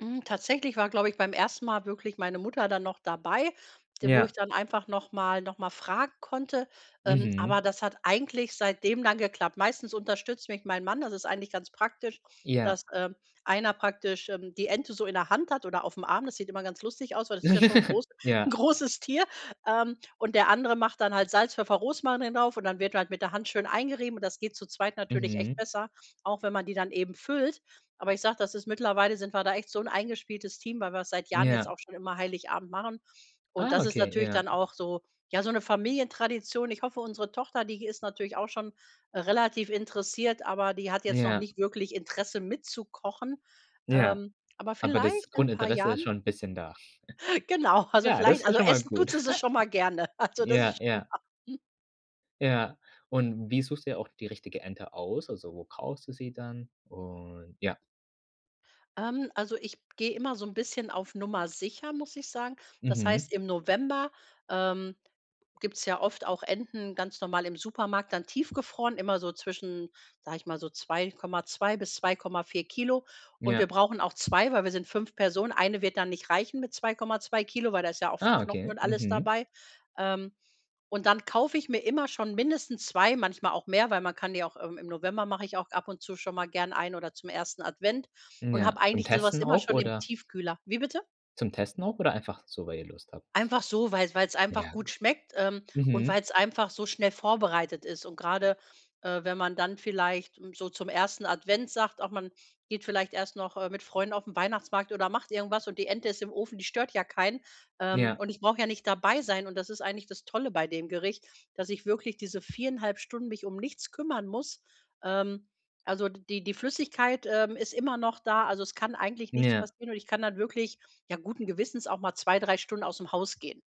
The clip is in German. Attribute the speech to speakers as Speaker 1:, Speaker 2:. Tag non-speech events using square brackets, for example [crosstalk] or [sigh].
Speaker 1: Hm, tatsächlich war, glaube ich, beim ersten Mal wirklich meine Mutter dann noch dabei, d wo ich
Speaker 2: Ja.
Speaker 1: dann einfach nochmal nochmal fragen konnte. Ähm,
Speaker 2: Mhm.
Speaker 1: aber das hat eigentlich seitdem dann geklappt. Meistens unterstützt mich mein Mann. Das ist eigentlich ganz praktisch,
Speaker 2: Ja.
Speaker 1: dass, ähm, einer praktisch, ähm, die Ente so in der Hand hat oder aufm Arm. Das sieht immer ganz lustig aus, weil das ist ja schon
Speaker 2: [chuckles]
Speaker 1: groß 'n
Speaker 2: Ja.
Speaker 1: großes Tier. Ähm, und der andere macht dann halt Salz, Pfeffer, Rosmarin drauf und dann wird halt mit der Hand schön eingerieben und das geht zu zweit natürlich echt
Speaker 2: Mhm.
Speaker 1: besser, auch wenn man die dann eben füllt. Aber ich sage, das ist mittlerweile sind wir da echt so 'n eingespieltes Team, weil wir's seit Jahren jetzt
Speaker 2: Ja.
Speaker 1: auch schon immer Heiligabend machen. Und
Speaker 2: Ah,
Speaker 1: das ist
Speaker 2: okay.
Speaker 1: natürlich
Speaker 2: Ja.
Speaker 1: dann auch so ja, so 'ne Familientradition. Ich hoffe, unsere Tochter, die ist natürlich auch schon, äh, relativ interessiert, aber die hat jetzt noch
Speaker 2: Ja.
Speaker 1: nicht wirklich Interesse mitzukochen.
Speaker 2: Ja.
Speaker 1: Ähm, aber
Speaker 2: Aber das
Speaker 1: vielleicht in paar
Speaker 2: Grundinteresse ist
Speaker 1: Jahren.
Speaker 2: schon 'n bisschen da?
Speaker 1: Genau,
Speaker 2: [chuckles]
Speaker 1: also,
Speaker 2: Ja, das
Speaker 1: vielleicht
Speaker 2: ist ja
Speaker 1: also,
Speaker 2: schon mal
Speaker 1: essen
Speaker 2: gut.
Speaker 1: tut sie's schon mal gerne.
Speaker 2: [chuckles]
Speaker 1: Also, das
Speaker 2: Ja,
Speaker 1: ist schon
Speaker 2: ja.
Speaker 1: mal hm.
Speaker 2: Ja. Und wie suchst dir auch die richtige Ente aus? Also, wo kaufst du sie dann? Und ja.
Speaker 1: Ähm, also, ich gehe immer so 'n bisschen auf Nummer Sicher, muss ich sagen. Das
Speaker 2: Mhm.
Speaker 1: heißt, im November, ähm, gibt's ja oft auch Enten ganz normal im Supermarkt dann tiefgefroren, immer so zwischen, sage ich mal, so 2,2 bis 2,4 Kilo. Und wir
Speaker 2: Ja.
Speaker 1: brauchen auch 2, weil wir sind 5 Personen. Eine wird dann nicht reichen mit 2,2 Kilogramm, weil da ist ja auch viel
Speaker 2: Ah,
Speaker 1: Knochen
Speaker 2: okay.
Speaker 1: und alles
Speaker 2: Mhm.
Speaker 1: dabei. Ähm, und dann kaufe ich mir immer schon mindestens 2, manchmal auch mehr, weil man kann die auch im im November mache ich auch ab und zu schon mal gern eine oder zum 1. Advent und
Speaker 2: Ja,
Speaker 1: habe
Speaker 2: zum
Speaker 1: eigentlich so was
Speaker 2: Testen
Speaker 1: immer
Speaker 2: auch
Speaker 1: schon im
Speaker 2: oder?
Speaker 1: Tiefkühler. Wie bitte?
Speaker 2: Zum Testen auch oder einfach so, weil ihr Lust habt?
Speaker 1: Einfach so, weil weil's einfach
Speaker 2: Ja.
Speaker 1: gut schmeckt, ähm, und
Speaker 2: Mhm.
Speaker 1: weil's einfach so schnell vorbereitet ist. Und gerade, äh, wenn man dann vielleicht, hm, so zum 1. Advent sagt: „Ach man geht vielleicht erst noch, äh, mit Freunden auf den Weihnachtsmarkt oder macht irgendwas und die Ente ist im Ofen, die stört ja keinen“. Ähm,
Speaker 2: Ja.
Speaker 1: und ich brauche ja nicht dabei sein und das ist eigentlich das Tolle bei dem Gericht, dass ich wirklich diese 4 1/2 Stunden mich um nichts kümmern muss. Ähm, also, d die die Flüssigkeit, ähm, ist immer noch da. Also, es kann eigentlich nichts
Speaker 2: Ja.
Speaker 1: passieren und ich kann halt wirklich, ja, guten Gewissens auch mal 2, 3 Stunden ausm Haus gehen.